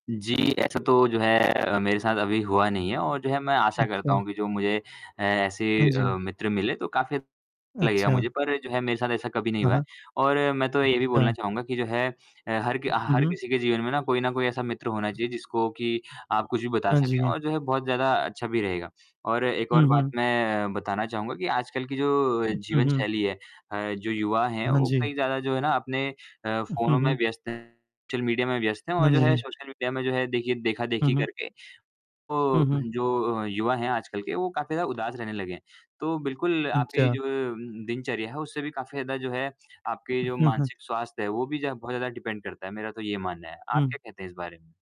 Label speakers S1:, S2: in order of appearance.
S1: जी ऐसा तो जो है अ, मेरे साथ अभी हुआ नहीं है और जो है मैं आशा करता
S2: अच्छा।
S1: हूँ कि जो मुझे ऐ ऐसे
S2: हाँ
S1: अ,
S2: जी।
S1: मित्र मिले तो काफ़ी लगेगा
S2: अच्छा।
S1: मुझे पर जो है मेरे साथ ऐसा कभी नहीं
S2: हाँ,
S1: हुआ है।
S2: हाँ।
S1: और मैं तो ये भी बोलना
S2: अच्छा।
S1: चाहूँगा कि जो है अ, हर कि
S2: उ, हुँ,
S1: हर
S2: हुँ।
S1: किसी के जीवन में ना कोई न कोई ऐसा मित्र होना चाहिए जिसको कि आप कुछ भी बता
S2: हाँ
S1: सकें
S2: जी।
S1: और जो है बहुत ज़्यादा अच्छा भी रहेगा। और एक
S2: हुँ,
S1: और बात
S2: हुँ।
S1: मैं बताना चाहूँगा कि आजकल की जो
S2: उ, हुँ,
S1: जीवन
S2: हुँ।
S1: शैली है अ जो युवा हैं
S2: हाँ
S1: वो
S2: जी।
S1: कहीं ज़्यादा जो है ना अपने अ
S2: हुँ, हुँ,
S1: फ़ोनों में
S2: हुँ।
S1: व्यस्त हैं, सोशल मीडिया में व्यस्त हैं और
S2: हाँ
S1: जो है
S2: जी।
S1: सोशल मीडिया में जो है देखिए
S2: हुँ,
S1: देखा-देखी
S2: हुँ।
S1: करके,
S2: हुँ,
S1: तो
S2: हुँ।
S1: जो युवा हैं आजकल के वो काफ़ी ज़्यादा उदास रहने लगे हैं। तो बिल्कुल आप
S2: अच्छा।
S1: जो उम, उम, दिनचर्या है उससे भी काफ़ी ज़्यादा जो है आपके
S2: उ,
S1: जो
S2: हाँ, हाँ।
S1: मानसिक स्वास्थ्य है वो भी ज बहुत ज़्यादा डिपेंड करता है मेरा तो ये मानना है। आप
S2: हुँ।
S1: क्या कहते हैं इस बारे में?